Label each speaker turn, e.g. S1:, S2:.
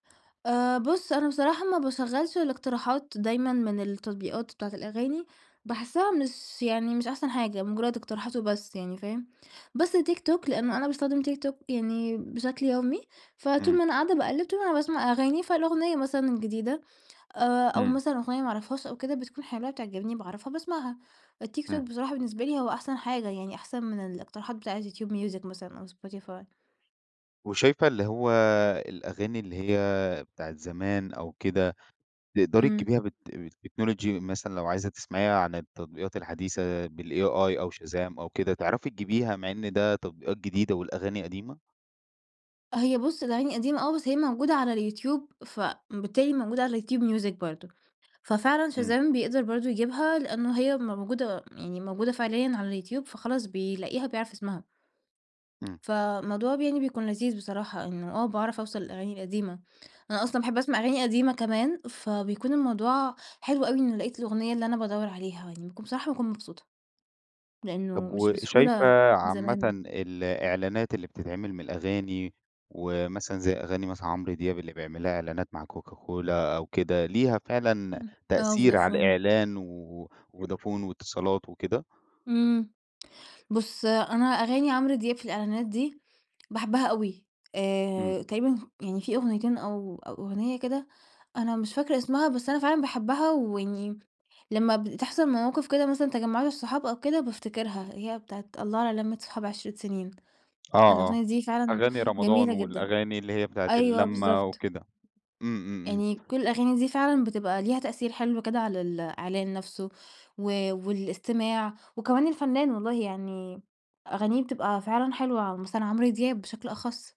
S1: آآ, بُص أنا بصراحة ما باشغّلش الاقتراحات دايمًا من التطبيقات بتاعة الأغاني، باحسّها مش يعني مش أحسن حاجة، مجرَّد اقتراحات وبس يعني فاهم، بس TikTok لأنّه أنا باستخدم TikTok يعني بشكل يومي، فطول
S2: إمم.
S1: ما أنا قاعدة باقلِّب طول ما أنا باسمع أغاني، فالأغنية مثلًا الجديدة آآ، أو
S2: إمم.
S1: مثلًا أغنية ما أعرفهاش أو كده بتكون حلوة بتعجبني، باعرفها، باسمعها، الTikTok
S2: إمم.
S1: بصراحة بالنسبة لي هو أحسن حاجة، يعني أحسن من الاقتراحات بتاعة الYoutube Music مثلًا أو Spotify.
S2: وشايفة اللي هو الأغاني اللي هي بتاعة زمان أو كده، تقدري
S1: امم.
S2: تجيبيها بال بالTechnology مثلًا لو عايزة تسمعيها عن التطبيقات الحديثة بالAi أو Shazam أو كده، تعرفي تجيبيها مع إن ده تطبيقات جديدة والأغاني قديمة؟
S1: هي بُص الأغاني قديمة آه، بس هي موجودة على الYoutube فبالتالي موجودة على الYoutube Music برضه، ففعلًا
S2: إمم.
S1: Shazam بيقدر برضه يجيبها، لأنّه هي موجودة يعني موجودة فعليًا على الYoutube فخلاص بيلاقيها بيعرف اسمها.
S2: إمم.
S1: فموضوع ب يعني بيكون لذيذ بصراحة، إنّه آه باعرف أوصل للأغاني القديمة، أنا أصلًا باحب أسمع أغاني قديمة كمان، فبيكون الموضوع حلو أوي إنّه لقيت الأغنية اللي أنا بادوَّر عليها يعني، باكون بصراحة باكون مبسوطة، لأنه
S2: طب
S1: مش
S2: و شايفة
S1: بسهولة
S2: عامةً
S1: زمان.
S2: ال الإعلانات اللي بتتعمل من الأغاني، ومثلًا زي أغاني مثلًا عمرو دياب اللي بيعمل لها إعلانات مع كوكا كولا أو كده، ليها فعلًا
S1: امم، آه،
S2: تأثير على
S1: فودافون.
S2: الإعلان، وفودافون واتصالات وكده؟
S1: امم، بُص أنا أغاني عمرو دياب في الإعلانات دي، باحبَّها أوي، آآ،
S2: إمم.
S1: تقريبًا يعني في أغنيتين أو أو أغنية كده أنا مش فاكرة اسمها بس أنا فعلًا باحبَّها، ويعني لمَّا بتحصل مواقف كده مثلًا تجمعات الصحاب أو كده بافتكرها، هي بتاعة الله على لمة صحاب عِشرة سنين،
S2: آه، آه،
S1: الأغنية دي فعلًا
S2: أغاني رمضان،
S1: جميلة جدًا،
S2: والأغاني اللي هي بتاعة
S1: أيوه
S2: اللمَّة
S1: بالضبط.
S2: وكده، إمم إمم إمم.
S1: يعني كل الأغاني دي فعلًا بتبقى ليها تأثير حلو كده على ال الإعلان نفسه، و والاستماع وكمان الفنّان والله، يعني أغانيه بتبقى فعلًا حلوة، مثلًا عمرو دياب بشكل أخص.